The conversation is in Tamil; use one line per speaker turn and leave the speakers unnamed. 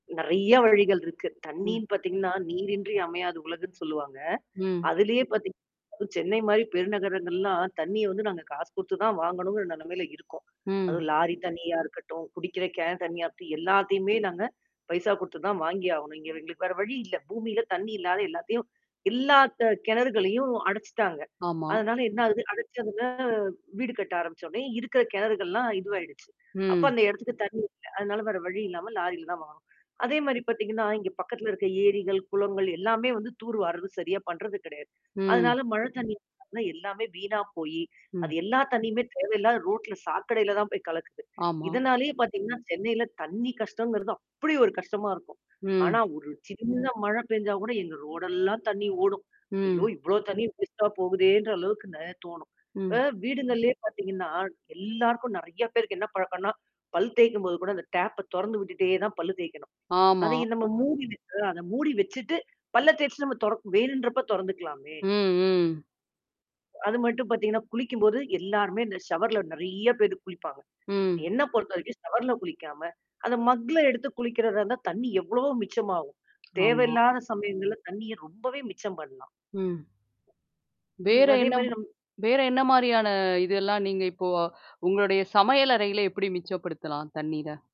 நெறையா வழிகள் இருக்கு.
ம்.
தண்ணீன்னு பாத்தீங்கன்னா, நீரின்றி அமையாது உலகுன்னு சொல்லுவாங்க.
ம்.
அதுலயே பாத்தீங் அதுவும் சென்னை மாரி பெருநகரங்கள்லாம் தண்ணிய வந்து நாங்க காசு குடுத்து தான் வாங்கணுங்கிற நெலமையில இருக்கோம்.
ம்.
அதுவும் லாரி தண்ணியா இருக்கட்டும், குடிக்கிற கேன் தண்ணியா இருக்கட்டும், எல்லாத்தையுமே நாங்க பைசா குடுத்து தான் வாங்கி ஆவணும். இங்க எங்களுக்கு வேற வழி இல்ல. பூமியில தண்ணி இல்லாத எல்லாத்தையும் எல்லா கெ கெணறுகளையும் அடைச்சுட்டாங்க.
ஆமா.
அதனால என்னா ஆகுது? அடைச்சதுல வீடு கட்ட ஆரம்பிச்சோன்னே இருக்கற கெணறுகள்லாம் இதுவாயிடுச்சு. அப்ப
ம்.
அந்த எடத்துக்கு தண்ணி இல்ல இல்ல. அதனால வேற வழி இல்லாம லாரியில தான் வாங்கணும். அதே மாரி
ம்.
பாத்தீங்கன்னா, இங்க பக்கத்தில இருக்க ஏரிகள், குளங்கள் எல்லாமே வந்து தூர் வார்றது சரியா பண்றது கெடையாது.
ம்.
அதனால மழை தண்ணி [unintelligible] எல்லாமே வீணா போயி அது
ம்.
எல்லா தண்ணியுமே தேவையில்லாத ரோட்ல சாக்கடையில தான் போய் கலக்குது.
ஆமா.
இதனாலேயே பாத்தீங்கன்னா, சென்னையில தண்ணி கஷ்டங்கிறது அப்படி ஒரு கஷ்டமா இருக்கும். ஆனா,
ம்.
ஒரு சின்ன மழை பெஞ்சா கூட எங்க ரோடெல்லாம் தண்ணி ஓடும். ஐயோ!
ம்.
இவ்வளோ தண்ணி வேஸ்ட்டா போகுதேன்ற அளவுக்கு நெறையா தோணும். இப்ப
ம்.
வீடுங்கள்லயே பாத்தீங்கன்னா, எல்லாருக்கும் நெறையா பேருக்கு என்னா பழக்கம்ன்னா? பல் தேய்க்கும்போது கூட அந்த டேப்ப தொறந்து விட்டுட்டே தான் பல்லு தேய்க்கணும்.
ஆமா.
அதய நம்ம மூடி வச்சிட்டு அத மூடி வச்சுட்டு பல்ல தேச்சுட்டு நம்ம தொறக்க வேணுன்றப்ப தொறந்துக்கலாமே!
ம் ம்.
அது மட்டும் பாத்தீங்கன்னா, குளிக்கும்போது, எல்லாருமே இந்த ஷவர்ல நெறையா பேரு குளிப்பாங்க.
ம்.
என்ன பொறுத்தவரைக்கும் ஷவர்ல குளிக்காம, அந்த மக்ல எடுத்து குளிக்கிறதா இருந்தா தண்ணி எவ்வளவோ மிச்சமாகும்.
ஆமா.
தேவையில்லாத சமயங்கள்ல தண்ணிய ரொம்பவே மிச்சம் பண்ணலாம்.
ம்.
ம்.
வேற
அதே
என்னா?
மாதிரி நம்
வேற என்னா மாரியான இதெல்லாம் நீங்க இப்போ உங்களுடைய சமையல் அறையில எப்படி மிச்சப்படுத்தலாம் தண்ணீர?